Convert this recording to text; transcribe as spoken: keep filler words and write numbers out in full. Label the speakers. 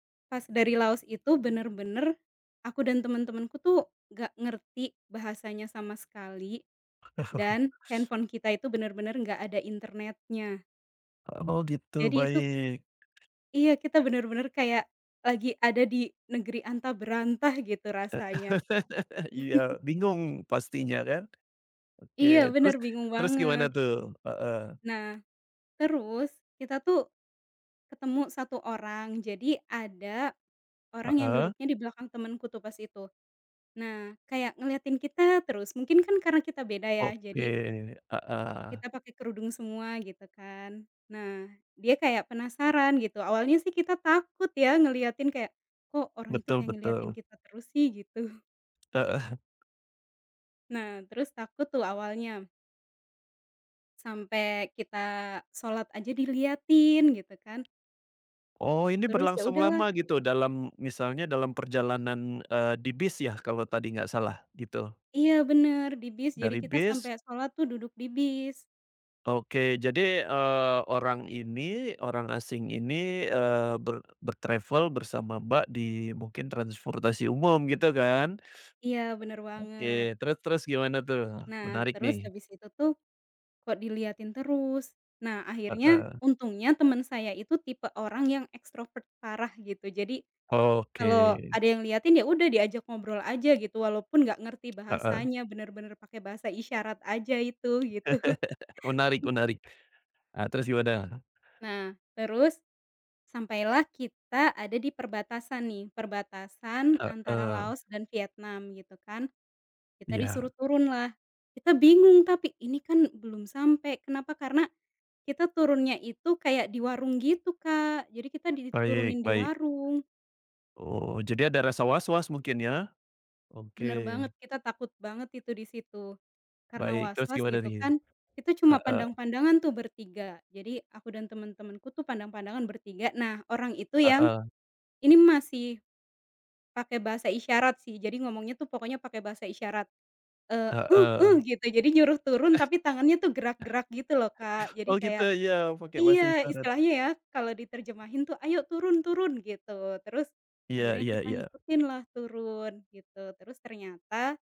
Speaker 1: Pas dari Laos itu benar-benar, aku dan teman-temanku tuh, nggak ngerti bahasanya sama sekali. Dan, handphone kita itu benar-benar nggak ada internetnya.
Speaker 2: Oh gitu,
Speaker 1: Jadi itu
Speaker 2: baik.
Speaker 1: Iya kita benar-benar kayak lagi ada di negeri antah berantah gitu rasanya.
Speaker 2: Iya, bingung pastinya kan. Oke,
Speaker 1: Iya benar,
Speaker 2: terus
Speaker 1: bingung
Speaker 2: terus gimana
Speaker 1: banget.
Speaker 2: tuh? Heeh.
Speaker 1: Nah, terus kita tuh ketemu satu orang, jadi ada, orang yang
Speaker 2: Heeh.
Speaker 1: duduknya di belakang temanku tuh pas itu. Nah, kayak ngeliatin kita terus, mungkin kan karena kita beda ya,
Speaker 2: Oke,
Speaker 1: jadi
Speaker 2: heeh.
Speaker 1: kita pakai kerudung semua gitu kan. Nah, dia kayak penasaran gitu, awalnya sih kita takut ya ngeliatin kayak, "Kok orang itu
Speaker 2: Betul
Speaker 1: kayak ngeliatin
Speaker 2: betul.
Speaker 1: kita terus sih?" gitu.
Speaker 2: Heeh.
Speaker 1: Nah terus takut tuh awalnya. Sampe kita sholat aja diliatin gitu kan.
Speaker 2: Oh ini
Speaker 1: Terus ya
Speaker 2: berlangsung
Speaker 1: udah lah.
Speaker 2: lama gitu dalam misalnya dalam perjalanan, eee, di bis ya, kalau tadi nggak salah gitu?
Speaker 1: Iya benar di bis, jadi
Speaker 2: Dari
Speaker 1: kita
Speaker 2: bis
Speaker 1: sampe sholat tuh duduk di bis.
Speaker 2: Oke, jadi, eee, orang ini, orang asing ini, eee, ber ber-travel bersama Mbak di mungkin transportasi umum gitu kan,
Speaker 1: Iya, benar
Speaker 2: oke,
Speaker 1: banget.
Speaker 2: terus terus gimana tuh?
Speaker 1: Nah
Speaker 2: Menarik
Speaker 1: terus
Speaker 2: nih.
Speaker 1: habis itu tuh, kok diliatin terus. Nah akhirnya,
Speaker 2: Heeh.
Speaker 1: untungnya teman saya itu tipe orang yang ekstrovert parah gitu. Jadi, kalau
Speaker 2: Oke.
Speaker 1: ada yang liatin, ya udah diajak ngobrol aja gitu, walaupun nggak ngerti
Speaker 2: Heeh.
Speaker 1: bahasanya, benar-benar pakai bahasa isyarat aja itu gitu.
Speaker 2: Menarik menarik, nah terus gimana?
Speaker 1: Nah, terus sampailah kita ada di perbatasan nih, perbatasan antara
Speaker 2: Heeh.
Speaker 1: Laos dan Vietnam gitu kan. Kita
Speaker 2: Iya.
Speaker 1: disuruh turun lah, kita bingung tapi, "Ini kan belum sampai, kenapa?" karena kita turunnya itu kayak di warung gitu Kak, jadi kita
Speaker 2: Baik
Speaker 1: diturunin di
Speaker 2: baik.
Speaker 1: warung.
Speaker 2: Oh, jadi ada rasa waswas mungkin ya?
Speaker 1: Benar
Speaker 2: Oke.
Speaker 1: banget, kita takut banget itu di situ. Karena
Speaker 2: Baik, terus
Speaker 1: waswas
Speaker 2: gimana
Speaker 1: gitu
Speaker 2: nih?
Speaker 1: kan, kita cuma
Speaker 2: Heeh.
Speaker 1: pandang-pandangan tuh bertiga. Jadi aku dan teman-temanku tuh, pandang-pandangan bertiga. Nah orang itu yang
Speaker 2: Heeh.
Speaker 1: ini masih pakai bahasa isyarat sih, jadi ngomongnya tuh pokoknya pakai bahasa isyarat. Eee, "uh uh"
Speaker 2: Heeh.
Speaker 1: gitu, jadi nyuruh turun tapi tangannya tuh gerak-gerak gitu loh Kak, jadi
Speaker 2: Oh gitu
Speaker 1: kayak
Speaker 2: ya iya, pakai bahasa
Speaker 1: iya,
Speaker 2: isyarat.
Speaker 1: istilahnya ya, kalau diterjemahin tuh "Ayo turun turun," gitu. Terus
Speaker 2: Iya
Speaker 1: akhirnya
Speaker 2: iya
Speaker 1: kita
Speaker 2: iya.
Speaker 1: ngikutin lah turun gitu, terus ternyata